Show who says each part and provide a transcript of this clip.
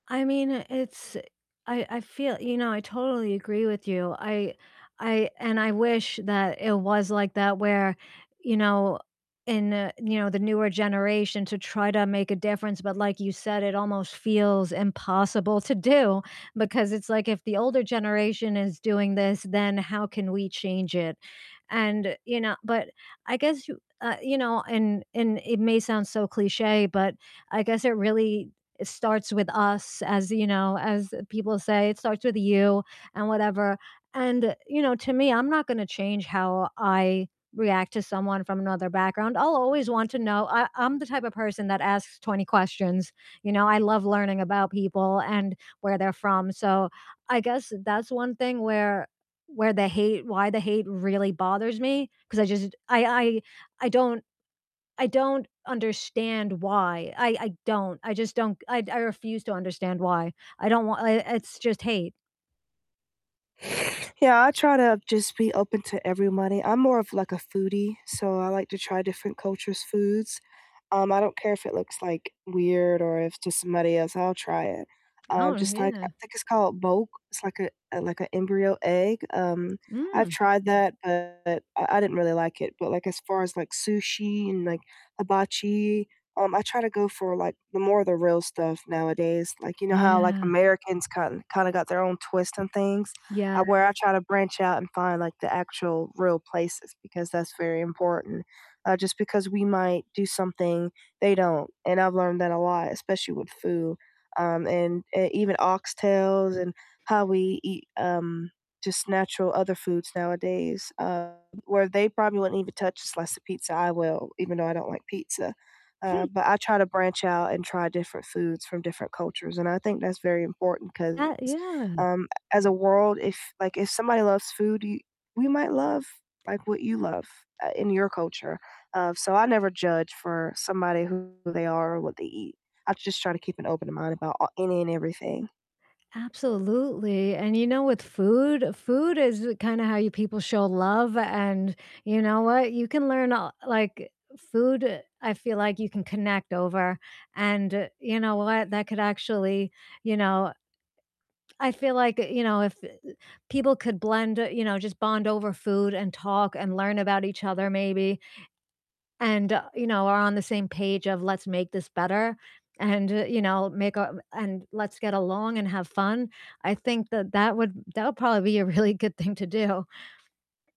Speaker 1: I mean, it's I I feel you know, I totally agree with you, I I and I wish that it was like that where, you know, in, uh, you know, the newer generation to try to make a difference, but like you said, it almost feels impossible to do because it's like if the older generation is doing this, then how can we change it? And, you know but I guess, uh you know, and and it may sound so cliche, but I guess it really starts with us as you know, as people say, it starts with you and whatever, and, you know, to me, I'm not gonna change how I react to someone from another background, I'll always want to know I I'm the type of person that asks 20 questions, you know, I love learning about people and where they're from, so I guess that's one thing where where the hate why the hate really bothers me 'cause I just I I I don't I don't understand why, I I don't, I just don't I I refuse to understand why, I don't wa I it's just hate.
Speaker 2: Yeah, I try to just be open to everybody, I'm more of, like, a foodie, so I like to try different cultures' foods, um, I don't care if it looks, like, weird or if to somebody else, I'll try it, um,
Speaker 1: Oh,
Speaker 2: just like, I
Speaker 1: yeah.
Speaker 2: think it's called boke, it's like a, like a embryo egg, um, I've
Speaker 1: Mm.
Speaker 2: tried that, but I I didn't really like it, but, like, as far as, like, sushi and, like, hibachi, um, I try to go for, like, the more the real stuff nowadays, like, you know how, like,
Speaker 1: Yeah.
Speaker 2: Americans ki kind of got their own twist on things? Uh,
Speaker 1: Yeah.
Speaker 2: where I try to branch out and find, like, the actual real places because that's very important, uh, just because we might do something they don't, and I've learned that a lot, especially with food, um, and, uh, even oxtails and how we eat, um, just natural other foods nowadays, um, where they probably wouldn't even touch a slice of pizza, I will, even though I don't like pizza, uh,
Speaker 1: Hmm.
Speaker 2: but I try to branch out and try different foods from different cultures, and I think that's very important 'cause,
Speaker 1: That yeah.
Speaker 2: um, as a world if, like, if somebody loves food, y we might love, like, what you love, uh, in your culture, um, so I never judge for somebody who they are or what they eat, I just try to keep an open mind about any and everything.
Speaker 1: Absolutely, and you know, with food, food is kind of how you people show love, and you know what? You can learn a like food, I feel like you can connect over, and you know what? That could actually, you know I feel like, you know, if people could blend you know, just bond over food and talk and learn about each other maybe and, uh, you know, are on the same page of "Let's make this better," and, you know, make a and let's get along and have fun, I think that that would that would probably be a really good thing to do.